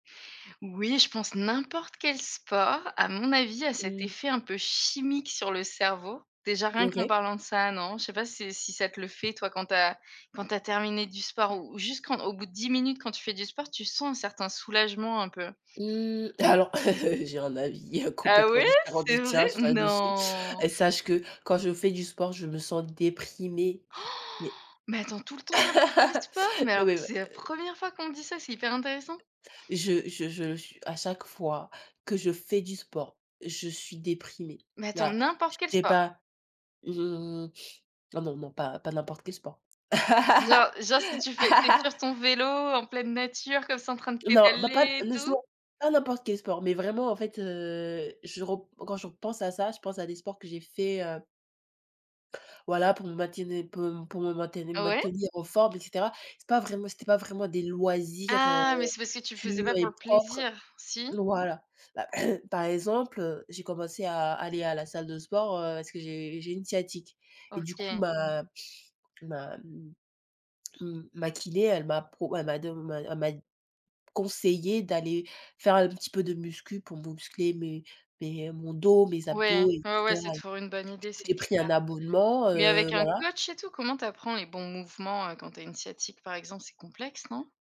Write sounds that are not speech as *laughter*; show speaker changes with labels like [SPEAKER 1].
[SPEAKER 1] Oui je pense n'importe quel sport à mon avis a cet
[SPEAKER 2] Mmh.
[SPEAKER 1] effet un peu chimique sur le cerveau. Déjà rien qu'en
[SPEAKER 2] OK.
[SPEAKER 1] parlant de ça non, je sais pas si si ça te le fait toi quand tu as quand tu as terminé du sport ou juste quand au bout de 10 minutes quand tu fais du sport, tu sens un certain soulagement un peu?
[SPEAKER 2] Mmh, alors *laughs* j'ai un avis, heu,
[SPEAKER 1] Ah
[SPEAKER 2] complètement
[SPEAKER 1] ouais
[SPEAKER 2] différent
[SPEAKER 1] c'est
[SPEAKER 2] du
[SPEAKER 1] vrai?
[SPEAKER 2] tiens ce là-dessus,
[SPEAKER 1] Non!
[SPEAKER 2] et sache que quand je fais du sport, je me sens déprimée.
[SPEAKER 1] Han!
[SPEAKER 2] Mais
[SPEAKER 1] Mais attends tout le temps n'importe quel sport? Mais
[SPEAKER 2] *laughs* non
[SPEAKER 1] alors
[SPEAKER 2] mais m
[SPEAKER 1] c'est la
[SPEAKER 2] heu
[SPEAKER 1] 1re fois qu'on me dit ça, c'est hyper intéressant.
[SPEAKER 2] Je je je su à chaque fois que je fais du sport, je suis déprimée,
[SPEAKER 1] Mais attends
[SPEAKER 2] voilà. Je
[SPEAKER 1] n'importe quel
[SPEAKER 2] sais
[SPEAKER 1] sport?
[SPEAKER 2] pas, mmh ah non, non, pas pas n'importe quel sport.
[SPEAKER 1] Genre genre si tu fais tu es sur
[SPEAKER 2] *laughs*
[SPEAKER 1] ton vélo en pleine nature comme ça en train de
[SPEAKER 2] Non, bah, pas
[SPEAKER 1] pédaler et
[SPEAKER 2] non
[SPEAKER 1] tout?
[SPEAKER 2] justement, pas n'importe quel sport, mais vraiment, en fait heu, je rep quand je repense à ça, je pense à des sports que j'ai fait, heu voilà pour me maintenir pour m pour me mainteni
[SPEAKER 1] Ah ouais?
[SPEAKER 2] maintenir en forme, et cetera. C'est pas vraiment c'était pas vraiment des loisirs, heu,
[SPEAKER 1] Ah mais c'est parce que tu le faisais
[SPEAKER 2] purs
[SPEAKER 1] pas pour
[SPEAKER 2] et
[SPEAKER 1] le
[SPEAKER 2] propres,
[SPEAKER 1] plaisir, si?
[SPEAKER 2] voilà. Bah par exemple, heu, j'ai commencé à à aller à la salle de sport, heu, parce que j'ai j'ai une sciatique, et du coup,
[SPEAKER 1] OK.
[SPEAKER 2] ma ma m m ma kiné, elle m'a pro elle m'a de elle m'a d conseillé d'aller faire un petit peu de muscu pour muscler mes mes mon dos, mes
[SPEAKER 1] Ouais,
[SPEAKER 2] abdos, et
[SPEAKER 1] ouais, ouais,
[SPEAKER 2] cetera.
[SPEAKER 1] c'est toujours
[SPEAKER 2] Du
[SPEAKER 1] une bonne idée
[SPEAKER 2] coup,
[SPEAKER 1] c'est
[SPEAKER 2] j'ai pris
[SPEAKER 1] clair,
[SPEAKER 2] un abonnement,
[SPEAKER 1] mais
[SPEAKER 2] heu,
[SPEAKER 1] avec un
[SPEAKER 2] voilà.
[SPEAKER 1] coach et tout, comment tu apprends les bons mouvements, heu, quand tu as une sciatique par exemple, c'est complexe non?